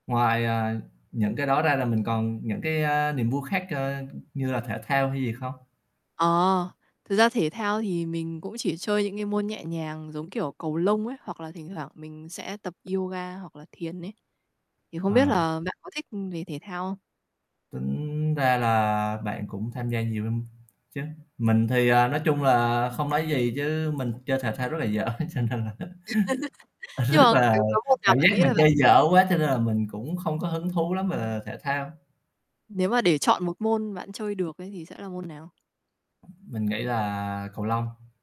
Ngoài, à, những cái đó ra là mình còn những, cái, a, niềm vui khác, ơ, như là thể thao hay gì không? Ờ, thực ra thể thao thì mình cũng chỉ chơi những cái môn nhẹ nhàng, giống kiểu, cầu lông ấy, hoặc là thỉnh thoảng mình sẽ tập yoga hoặc là thiền ấy. Thì không biết À. là bạn có thích, ưm, về thể thao không? Tính ra là bạn cũng tham gia nhiều lắm chứ. Mình thì, à, nói chung là không nói gì, chứ mình chơi thể thao rất là dở, cho nên là Nhưng rất mà, là kiểu, có môn nào cảm bạn giác nghĩ mình là bạn chơi chơi dở được? quá cho nên là mình cũng không có hứng thú lắm về thể thao. Nếu mà để chọn một môn bạn chơi được ấy, thì sẽ là môn nào? Mình nghĩ là cầu lông.